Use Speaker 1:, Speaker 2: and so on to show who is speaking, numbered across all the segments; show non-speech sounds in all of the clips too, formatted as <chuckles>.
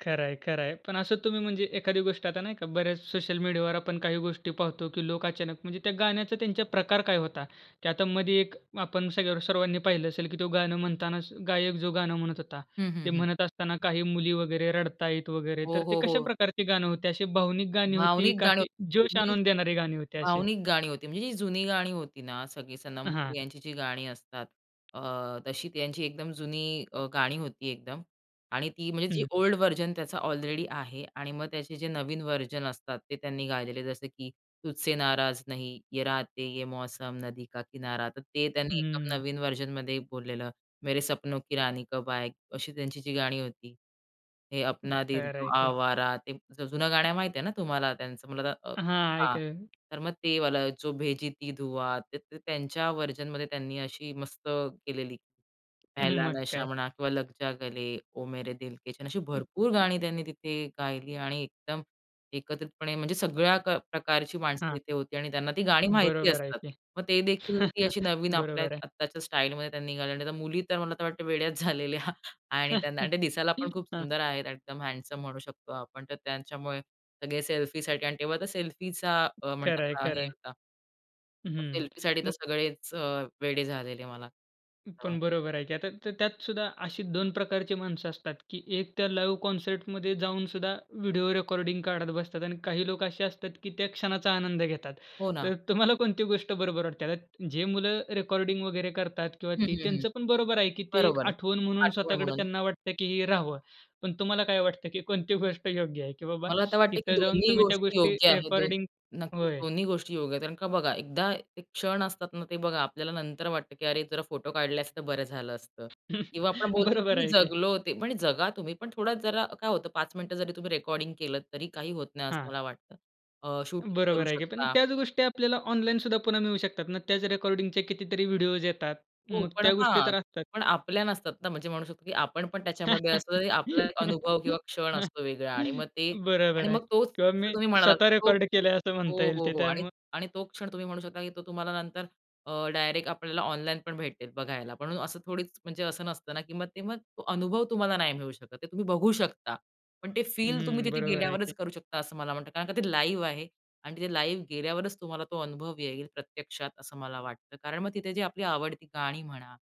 Speaker 1: खरंय, खरंय. पण असं तुम्ही म्हणजे एखादी गोष्ट आता नाही का बऱ्याच सोशल मीडियावर आपण काही गोष्टी पाहतो की लोक अचानक म्हणजे त्या गाण्याचा त्यांचा प्रकार काय होता? त्या आता मध्ये एक आपण सगळ्या वर सर्वांनी पाहिलं असेल की तो गाणं म्हणतानाच गायक जो गाणं म्हणत होता,
Speaker 2: हं,
Speaker 1: ते
Speaker 2: हं, हं.
Speaker 1: म्हणत असताना काही मुली वगैरे रडतायत वगैरे
Speaker 2: हो,
Speaker 1: तर ते
Speaker 2: हो,
Speaker 1: कशा
Speaker 2: हो.
Speaker 1: प्रकारची गाणं होते अशी भावनिक गाणी होती
Speaker 2: भावनिक
Speaker 1: का
Speaker 2: गाणी
Speaker 1: अशी
Speaker 2: होती
Speaker 1: जोश
Speaker 2: म्हणजे,
Speaker 1: आणून देणारे गाणी होती अशी?
Speaker 2: भावनिक गाणी होती म्हणजे जी जुनी गाणी होती ना सगळी सनमपूर
Speaker 1: हां.
Speaker 2: यांची जी गाणी असतात, अ, तशी त्यांची एकदम जुनी अ, गाणी होती एकदम आणि ती म्हणजे जी
Speaker 1: हं.
Speaker 2: ओल्ड व्हर्जन त्याचा ऑलरेडी आहे आणि मग त्याचे जे नवीन व्हर्जन असतात ते त्यांनी गायलेले, जसं की तुझसे नाराज नहीं, ये राते ये मौसम नदी का किनारा, तर ते त्यांनी एका
Speaker 1: हम्म.
Speaker 2: नवीन व्हर्जनमध्ये बोललेलं. मेरे सपनो की रानी कब आएगी, अशी त्यांची जी गाणी होती. हे अपना दिल
Speaker 1: खर
Speaker 2: तो
Speaker 1: आहे की.
Speaker 2: आवारा, ते ज जुनं गाणं माहिती आहे ना तुम्हाला त्याचं? म्हणलं तर
Speaker 1: हां,
Speaker 2: हां,
Speaker 1: ऐक
Speaker 2: तर मग ते वाला जो भेजी थी दुआ ते त त्यांच्या व्हर्जनमध्ये त्यांनी अशी मस्त केलेली. पहला
Speaker 1: मग
Speaker 2: नशा
Speaker 1: काय.
Speaker 2: म्हणा किंवा लग जा गले, ओ मेरे दिल के चैन, अशी
Speaker 1: <chuckles>
Speaker 2: भरपूर गाणी त्यांनी तिथे गायली आणि एकदम एकत्रितपणे म्हणजे सगळ्या क प्रकारची माणसं
Speaker 1: हां.
Speaker 2: तिथे होती आणि त्यांना ती गाणी माहिती
Speaker 1: बरोबर आहे
Speaker 2: असतात.
Speaker 1: की.
Speaker 2: मग ते देखील अशी
Speaker 1: <chuckles>
Speaker 2: नवीन आपल्या
Speaker 1: बरोबर आहे.
Speaker 2: आत्ताच्या स्टाईलमध्ये त्यांनी गायली आणि मुली तर मला तर वाटत वेड्याच झालेल्या आणि त्यांना अन्
Speaker 1: <chuckles>
Speaker 2: ते दिसायला पण खूप
Speaker 1: हां.
Speaker 2: सुंदर आहेत, एकदम हँडसम म्हणू शकतो आपण. तर त्यांच्यामुळे सगळे सेल्फी साठी आणि तेव्हा तर सेल्फीचा
Speaker 1: खरं आहे,
Speaker 2: म्हणतात
Speaker 1: खरं
Speaker 2: हे
Speaker 1: आहे.
Speaker 2: होता.
Speaker 1: हं,
Speaker 2: सेल्फीसाठी तर
Speaker 1: मग
Speaker 2: सगळेच अ, वेडे झालेले मला. हां.
Speaker 1: पण बरोबर आहे की आता त त्यात सुद्धा अशी दोन प्रकारची माणसं असतात की एक त्या लाईव्ह कॉन्सर्टमध्ये जाऊन सुद्धा व्हिडिओ रेकॉर्डिंग काढत बसतात आणि काही लोक असे असतात की त्या क्षणाचा आनंद घेतात.
Speaker 2: हो ना.
Speaker 1: तर तुम्हाला कोणती गोष्ट बरोबर वाटते. आता जे मुलं रेकॉर्डिंग वगैरे करतात किंवा
Speaker 2: हं,
Speaker 1: ती
Speaker 2: हं, हं.
Speaker 1: त्यांचं पण बरोबर आहे की ते एक
Speaker 2: बरोबर.
Speaker 1: आठवण म्हणून
Speaker 2: आठवण
Speaker 1: स्वतःकडे
Speaker 2: म्हणून.
Speaker 1: त्यांना वाटतं की हे राहावं. पण तुम्हाला काय वाटतं की कोणती गोष्ट योग्य आहे? की बाबा
Speaker 2: मला तर वाटतं की
Speaker 1: तिथे जाऊन
Speaker 2: दोन्ही
Speaker 1: तुम्ही त्या
Speaker 2: गोष्टी
Speaker 1: गोष्टी
Speaker 2: योग्य आहे. दोन
Speaker 1: रेकॉर्डिंग
Speaker 2: नक्कीच,
Speaker 1: होय.
Speaker 2: दोन्ही गोष्टी योग्य आहेत. कारण का बघा एकदा ते क्षण असतात ना ते बघा आपल्याला नंतर वाटतं की अरे जरा फोटो काढले असते तर बरं झालं असतं.
Speaker 1: <chuckles>
Speaker 2: किंवा आपण बोलतो की
Speaker 1: बरोबर
Speaker 2: मी
Speaker 1: आहे की.
Speaker 2: जगलो ते पण जगा तुम्ही पण थोडा जरा काय होतं 5 मिनिटं जरी तुम्ही रेकॉर्डिंग केलंत तरी काही होत नाही
Speaker 1: हां.
Speaker 2: असं मला वाटतं. अ, शूटिंग करू
Speaker 1: बरोबर आहे की पण
Speaker 2: शकता.
Speaker 1: त्याच गोष्टी आपल्याला ऑनलाईन सुद्धा पुन्हा मिळू शकतात ना. त्याच रेकॉर्डिंगचे कितीतरी व्हिडिओज येतात.
Speaker 2: हो,
Speaker 1: मग
Speaker 2: पण
Speaker 1: त्या गोष्टी
Speaker 2: हां,
Speaker 1: तर असतात.
Speaker 2: पण आपल्या नसतात ना, म्हणजे म्हणू शकतो की आपण पण त्याच्यामध्ये असतो तरी आपला अनुभव किंवा क्षण
Speaker 1: <chuckles>
Speaker 2: असतो वेगळा आणि मग ते आणि
Speaker 1: बरोबर आहे
Speaker 2: मग तोच
Speaker 1: किंवा
Speaker 2: जसं
Speaker 1: मी
Speaker 2: तुम्ही म्हणालात
Speaker 1: स्वतः
Speaker 2: की तो
Speaker 1: रेकॉर्ड केलंय असं म्हणता
Speaker 2: हो,
Speaker 1: येईल
Speaker 2: हो,
Speaker 1: ते
Speaker 2: हो आणि
Speaker 1: त्यामुळे
Speaker 2: आणि तो क्षण तुम्ही म्हणू शकता की तो तुम्हाला नंतर अ, डायरेक्ट आपल्याला ऑनलाईन पण भेटेल बघायला. पण असं थोडीच म्हणजे असं नसतं ना की मग ते मग तो अनुभव तुम्हाला नाही मिळू शकत. ते तुम्ही बघू शकता. पण ते फील तुम्ही
Speaker 1: हं,
Speaker 2: तिथे
Speaker 1: बरोबर आहे की.
Speaker 2: गेल्यावरच करू शकता, असं मला म्हणतात. कारण का ते लाईव्ह आहे आणि तिथे लाईव्ह गेल्यावरच तुम्हाला तो अनुभव येईल प्रत्यक्षात, असं मला वाटतं. कारण मग तिथे जी आपली आवडती गाणी म्हणा,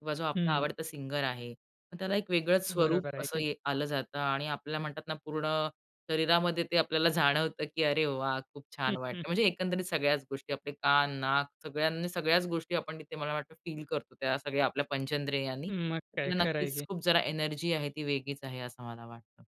Speaker 2: किंवा जो आपला
Speaker 1: हं.
Speaker 2: आवडता सिंगर आहे, मग त्याला एक वेगळंच स्वरूप
Speaker 1: बरोबर आहे
Speaker 2: असं
Speaker 1: की.
Speaker 2: ये आलं जातं आणि आपल्याला म्हणतात ना पूर्ण शरीरामध्ये ते आपल्याला जाणवतं, की अरे वाह! खूप छान वाटतं.
Speaker 1: <chuckles>
Speaker 2: म्हणजे एकंदरीत सगळ्याच गोष्टी, आपले कान, नाक सगळ्यांनी सगळ्याच गोष्टी आपण तिथे मला वाटतं फील करतो. त्या सगळ्या आपल्या पंचेंद्रेयांनी,
Speaker 1: मग काय,
Speaker 2: त्याला
Speaker 1: खरं आहे
Speaker 2: नक्कीच
Speaker 1: की.
Speaker 2: खूप जरा एनर्जी आहे ती वेगळीच आहे असं मला वाटतं.